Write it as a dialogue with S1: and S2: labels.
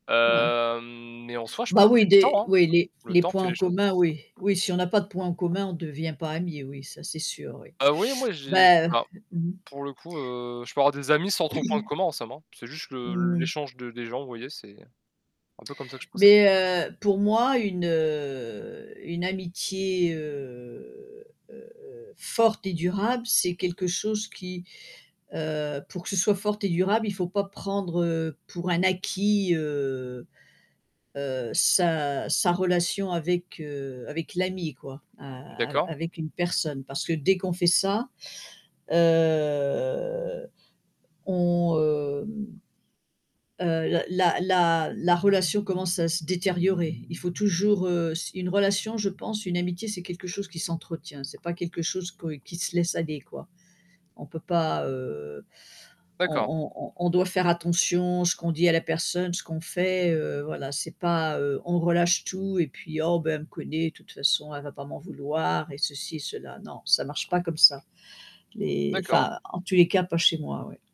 S1: Ouais.
S2: Hem, mais en soi, je
S1: Bah,
S2: pense c'est
S1: oui,
S2: le
S1: des
S2: temps, hein,
S1: oui, les
S2: le
S1: les
S2: temps
S1: points
S2: fait
S1: en
S2: les choses.
S1: commun, oui, oui, si on a pas de points en commun, on devient pas ami, oui, ça, c'est sûr, oui.
S2: Heu, vous voyez, moi, j'ai je sais
S1: Bah, heu,
S2: pas,
S1: mmh.
S2: pour le coup, heu, je peux avoir des amis sans trop de points de commun, en somme, hein, c'est juste le
S1: Mmh mh.
S2: l'échange de des gens, vous voyez, c'est un peu comme ça que je procè
S1: Mais heu, mais pour moi, une heu, une amitié, heu, forte et durable, c'est quelque chose qui, heu, pour que ce soit forte et durable, il faut pas prendre, heu, pour un acquis, heu heu, sa sa relation avec, heu, avec l'ami, quoi, a a
S2: D'accord.
S1: avec une personne, parce que dès qu'on fait ça, heu, on, hem, heu, la la la relation commence à se détériorer. Il faut toujours, heu, s une relation je pense, une amitié, c'est quelque chose qui s'entretient, c'est pas quelque chose que qui se laisse aller, quoi. On peut pas, heu,
S2: D'accord.
S1: on on on doit faire attention, ce qu'on dit à la personne, ce qu'on fait, heu, voilà, c'est pas, heu, on relâche tout et puis: «Oh bah, elle me connaît, de toute façon, elle va pas m'en vouloir» et ceci cela, non, ça marche pas comme ça. Les
S2: D'accord.
S1: enfin, en tous les cas, pas chez moi, oui.